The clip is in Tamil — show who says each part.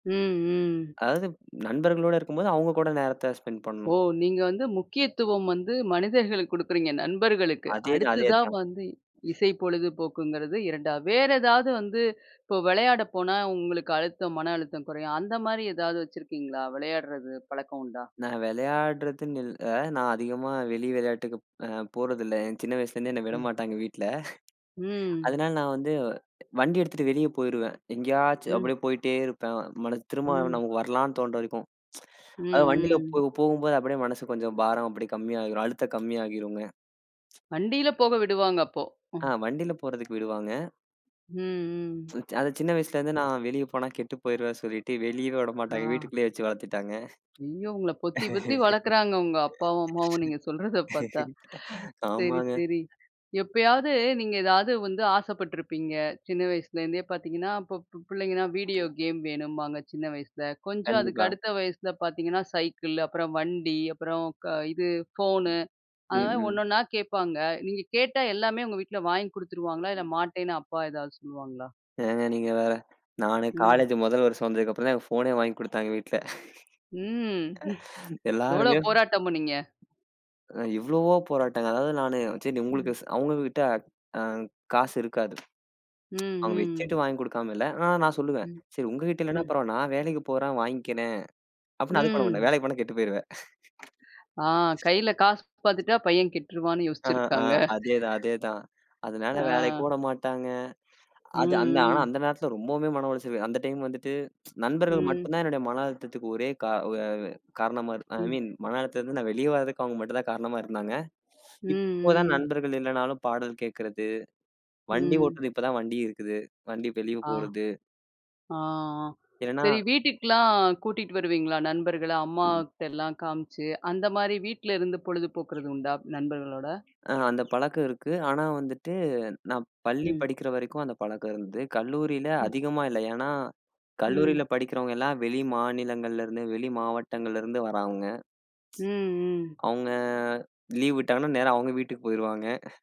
Speaker 1: ம், ம்.
Speaker 2: அதாவது, நண்பர்களோட இருக்கும்போது அவுங்க கூட நேரத்தை ஸ்பெண்ட்
Speaker 1: ஓ!
Speaker 2: பண்ணணும்.
Speaker 1: நீங்க வந்து முக்கியத்துவம் வந்து மனிதர்களுக்கு குடுக்குறீங்க நண்பர்களுக்கு.
Speaker 2: அதே தான். அதே
Speaker 1: அடுத்ததா
Speaker 2: தான்.
Speaker 1: வந்து, இசை பொழுதுபோக்குங்கிறது 2வது. வேற எதாவது வந்து, இப்போ விளையாட போனா உங்களுக்கு அழுத்தம் மன அழுத்தம் குறையும், அந்த மாரி ஏதாவது வச்சிருக்கீங்களா? விளையாடுறது பழக்கம் உண்டா?
Speaker 2: நான் விளையாடுறதுன்னு இல்ல, நான் அதிகமா வெளி விளையாட்டுக்கு அ போறதில்லை. நான் சின்ன வயசுலேருந்தே என்னை விட
Speaker 1: ம்.
Speaker 2: மாட்டாங்க வீட்டில.
Speaker 1: ம்.
Speaker 2: அதனால நான் வந்து, வண்டி எடுத்துட்டு வெளியே போயிருவேன். எங்கேயாச்சும்
Speaker 1: ம்.
Speaker 2: அப்படியே போயிட்டே இருப்பேன். மனசு திரும்ப
Speaker 1: ம்.
Speaker 2: நமக்கு வரலான்னு தோணுற வரைக்கும்.
Speaker 1: ம்.
Speaker 2: அதாவது வண்டியில போ
Speaker 1: ம்.
Speaker 2: போகும்போது அப்படியே மனசு கொஞ்சம் பாரம் அப்படி கம்மியாகுற அழுத்தம் கம்மியாகிருங்க.
Speaker 1: வண்டில போக விடுவாங்க அப்போ. அ,
Speaker 2: ஆ, வண்டியில் போறதுக்கு விடுவாங்க.
Speaker 1: ம். ம்.
Speaker 2: அது சின்ன வயசுலருந்து
Speaker 1: ம்.
Speaker 2: நான் வெளியே போனா கெட்டு போய்ருவேன் சொல்லிட்டு வெளியவே விடமாட்டாங்க.
Speaker 1: ஆ.
Speaker 2: வீட்டுக்குள்ளேயே வச்சி வளத்துட்டாங்க.
Speaker 1: ஐயோ! உங்கள பொத்தி பொத்தி வளக்குறாங்க. உங்க அப்பாவும் அம்மாவும் நீங்க சொல்றத பாத்தா! சரி,
Speaker 2: ஆமாங்க.
Speaker 1: சரி. எப்பயாவது நீங்க ஏதாவது வந்து ஆசைப்பட்ருப்பீங்க, சின்ன வயசுலேருந்தே பாத்தீங்கன்னா, இப்போ ப்பு பிள்ளைங்கன்னா, வீடியோ கேம் வேணும்பாங்க. சின்ன வயசில. கொஞ்சம் அதுக்கு
Speaker 2: கண்டிப்பா.
Speaker 1: அடுத்த வயசுல பாத்தீங்கன்னா சைக்கிள். அப்புறம் வண்டி. அப்புறம் க இது ஃபோனு. அது
Speaker 2: ம்,
Speaker 1: மாரி
Speaker 2: ம்.
Speaker 1: 1 ஒண்ணா கேட்பாங்க. நீங்க கேட்டா, எல்லாமே உங்க வீட்ல வாங்கி குடுத்துருவாங்களா? இல்லை மாட்டேன்னு அப்பா ஏதாவது சொல்லுவாங்களா?
Speaker 2: ஏங்க நீங்க வேற, நானே
Speaker 1: ம்.
Speaker 2: காலேஜ 1 வருஷம் வந்ததுக்கு அப்புறம் தான், எனக்கு ஃபோனே வாங்கி குடுத்தாங்க வீட்ல.
Speaker 1: ம். எவ்வளோ
Speaker 2: எல்லாருமே
Speaker 1: போராட்டம் பண்ணீங்க?
Speaker 2: அ இவ்வளவோ போராட்டங்க, அதாவது நானு சரி உங்களுக்கு
Speaker 1: ம்.
Speaker 2: அவுங்ககிட்ட அ காசு இருக்காது.
Speaker 1: ம்.
Speaker 2: அவுங்க
Speaker 1: ம்.
Speaker 2: வெச்சுட்டு வாங்கிக் குடுக்காம இல்லை. ஆனா நான் சொல்லுவேன்.
Speaker 1: ம்.
Speaker 2: "சரி உங்ககிட்ட இல்லைனா
Speaker 1: ம்.
Speaker 2: பரவால்லை. நான் வேலைக்கு போறேன், வாங்கிக்கிறேன்." அப்புட்னா அது பண்ண மாட்டாங்க.
Speaker 1: ம்.
Speaker 2: "வேலைக்கு போனா, கெட்டு போய்ருவ!"
Speaker 1: ஆ கைல காசு பாத்துட்டா, பையன் கெட்டுருவான்னு
Speaker 2: ஆ ஆ
Speaker 1: யோசிச்சிருக்காங்க.
Speaker 2: அதேதான் அதேதான். அதனால
Speaker 1: ஆ.
Speaker 2: வேலைக்கும் உட மாட்டாங்க.
Speaker 1: ம்.
Speaker 2: அது அந்த ஆனா
Speaker 1: ம்.
Speaker 2: அந்த நேரத்தில ரொம்பவுமே மன உளைச்சலு. அந்த டைம் வந்துட்டு, நண்பர்கள்
Speaker 1: ம்.
Speaker 2: மட்டும் தான், என்னுடைய மன அழுத்தத்துக்கு ஒரே கா வு வ காரணமா இரு ஐ
Speaker 1: ம்.
Speaker 2: மீன் மன அழுத்தத்திலிருந்து நான் வெளிய வரதுக்கு அவங்க மட்டும் தான் காரணமா இருந்தாங்க.
Speaker 1: ம்,
Speaker 2: இப்போதான்
Speaker 1: ம்.
Speaker 2: நண்பர்கள் இல்லைனாலும், பாடல் கேக்கிறது, வண்டி
Speaker 1: ம்.
Speaker 2: ஓட்டுறது, இப்போதான் வண்டி இருக்குது. வண்டி வெளியே
Speaker 1: ஆ.
Speaker 2: போறது,
Speaker 1: ஆ
Speaker 2: ஏன்னா,
Speaker 1: சரி வீட்டுக்குலாம் கூட்டிட்டு வருவீங்களா நண்பர்கள, அம்மா
Speaker 2: ம்.
Speaker 1: கிட்டலாம் காமிச்சு, அந்த மாரி வீட்லருந்து பொழுதுபோக்குறது உண்டா? நண்பர்களோட,
Speaker 2: அ அந்த பழக்கம் இருக்கு. ஆனா வந்துட்டு, நான் பள்ளி
Speaker 1: ம்.
Speaker 2: படிக்கிற வரைக்கும் அந்த பழக்கம் இருந்தது. கல்லூரியில
Speaker 1: ம்.
Speaker 2: அதிகமா இல்ல. ஏன்னா,
Speaker 1: ம்.
Speaker 2: கல்லூரியில படிக்கிறவங்க எல்லாம் வெளி மாநிலங்கள்ல இருந்து, வெளி மாவட்டங்கள்ல இருந்து வரவங்க.
Speaker 1: ம். ம்.
Speaker 2: அவுங்க லீவ் விட்டாங்கன்னா நேரா அவுங்க வீட்டுக்கு போய்ருவாங்க.